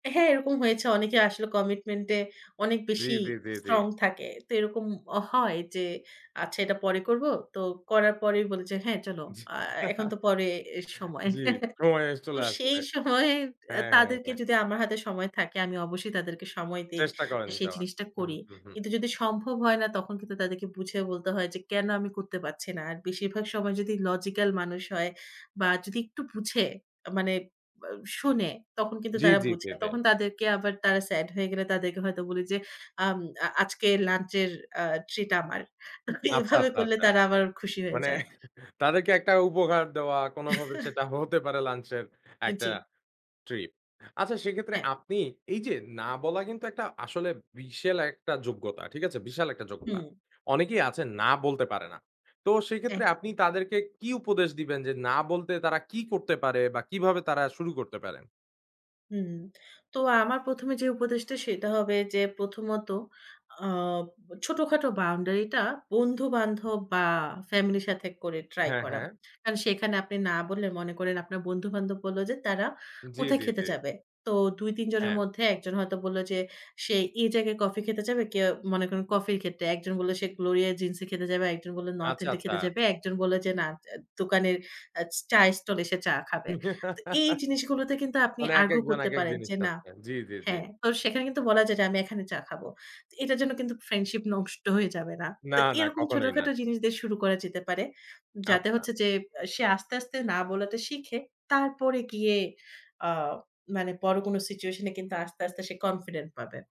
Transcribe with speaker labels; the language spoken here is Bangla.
Speaker 1: হ্যাঁ, এরকম হয়েছে। অনেকে আসলে কমিটমেন্টে অনেক
Speaker 2: জি,
Speaker 1: বেশি
Speaker 2: জি, জি, জি।
Speaker 1: স্ট্রং থাকে। তো এরকম অ হয় যে, আচ্ছা, এটা পরে করব। তো করার পরেই বলি যে, "হ্যাঁ, চলো।
Speaker 2: জি।
Speaker 1: আ এখন তো পরে, এর সময়।"
Speaker 2: জি, সময়ে
Speaker 1: তো
Speaker 2: চলে আসবে।
Speaker 1: সেই সময়, অ্যা
Speaker 2: হ্যাঁ, হ্যাঁ,
Speaker 1: তাদেরকে
Speaker 2: হ্যাঁ।
Speaker 1: যদি আমার হাতে সময় থাকে, আমি অবশ্যই তাদেরকে সময় দেই।
Speaker 2: চেষ্টা করেন
Speaker 1: সেই
Speaker 2: যাওয়ার।
Speaker 1: জিনিসটা
Speaker 2: হু,
Speaker 1: করি।
Speaker 2: হু, হু।
Speaker 1: কিন্তু যদি সম্ভব হয় না, তখন কিন্তু তাদেরকে বুঝিয়ে বলতে হয় যে, কেন আমি করতে পারছি না। আর বেশিরভাগ সময় যদি লজিক্যাল মানুষ হয় বা যদি একটু বুঝে, মানে অ শুনে তখন কিন্তু
Speaker 2: জ্‌
Speaker 1: তারা
Speaker 2: জি,
Speaker 1: বুঝে।
Speaker 2: কেদে।
Speaker 1: তখন তাদেরকে আবার তারা সেড হয়ে গেলে, তাদেরকে হয়তো বলি যে, আম আ আজকের লাঞ্চ এর আ ট্রিট আমার।
Speaker 2: আচ্ছা,
Speaker 1: এভাবে
Speaker 2: আচ্ছা,
Speaker 1: করলে
Speaker 2: আচ্ছা।
Speaker 1: তারা আবার খুশি হয়ে
Speaker 2: মানে
Speaker 1: যায়।
Speaker 2: তাদেরকে একটা উপকার দেওয়া, কোনভাবে সেটা হতে পারে লাঞ্চ এর
Speaker 1: অ্যা
Speaker 2: একটা
Speaker 1: জি।
Speaker 2: স্ট্রিট। আচ্ছা, সেক্ষেত্রে
Speaker 1: হ্যাঁ।
Speaker 2: আপনি এই যে, না বলা কিন্তু একটা আসলে বিশাল একটা যোগ্যতা ঠিক আছে? বিশাল একটা যোগ্যতা।
Speaker 1: হুম।
Speaker 2: অনেকেই আছেন, না বলতে পারে না। তো সেক্ষেত্রে আপনি
Speaker 1: একদম।
Speaker 2: তাদেরকে কি উপদেশ দিবেন যে, না, বলতে তারা কি করতে পারে? বা কিভাবে তারা শুরু করতে পারেন?
Speaker 1: হুম, তো আমার প্রথমে যে উপদেশটা সেটা হবে, যে প্রথমত আ ছোটখাটো বাউন্ডারি টা বন্ধু-বান্ধব বা ফ্যামিলির সাথে করে ট্রাই
Speaker 2: হ্যাঁ,
Speaker 1: করা।
Speaker 2: হ্যাঁ।
Speaker 1: কারণ সেখানে আপনি না বললে, মনে করেন, আপনার বন্ধু-বান্ধব বলল যে, তারা
Speaker 2: জি,
Speaker 1: কোথায়
Speaker 2: জি,
Speaker 1: খেতে
Speaker 2: জি।
Speaker 1: যাবে? তো ২ ৩ জনের
Speaker 2: হ্যাঁ।
Speaker 1: মধ্যে ১ জন হয়তো বলল যে, সে এই জায়গায় কফি খেতে যাবে, কেউ মনে করেন কফির ক্ষেত্রে। একজন বলল, সে গ্লোরিয়া জিন্স এ খেতে যাবে, আর একজন বলল, নর্থ
Speaker 2: আচ্ছা,
Speaker 1: এন্ড এ খেতে
Speaker 2: আচ্ছা।
Speaker 1: যাবে। একজন বলল যে, না, দোকানের চায়ের স্টল এ, সে চা খাবে। তো এই জিনিসগুলোতে কিন্তু আপনি
Speaker 2: মানে
Speaker 1: আরগু
Speaker 2: একেকজন,
Speaker 1: করতে
Speaker 2: একেক
Speaker 1: পারেন
Speaker 2: জিনিস
Speaker 1: যে, না
Speaker 2: চাচ্ছে। জি, জি, জি।
Speaker 1: হ্যাঁ, তো সেখানে কিন্তু বলা যায় যে, আমি এখানে চা খাবো। তো এটার জন্য কিন্তু ফ্রেন্ডশিপ নষ্ট হয়ে যাবে না।
Speaker 2: না,
Speaker 1: তো
Speaker 2: না,
Speaker 1: এরকম
Speaker 2: কখনোই না।
Speaker 1: ছোটখাটো জিনিস দিয়ে শুরু করা যেতে পারে। যাতে
Speaker 2: আচ্ছা।
Speaker 1: হচ্ছে যে, অ্যা সে আস্তে, আস্তে না বলাটা শিখে। তারপরে গিয়ে, আ মানে বড় কোন সিচুয়েশন এ কিন্তু আস্তে, আস্তে সে কনফিডেন্ট পাবে।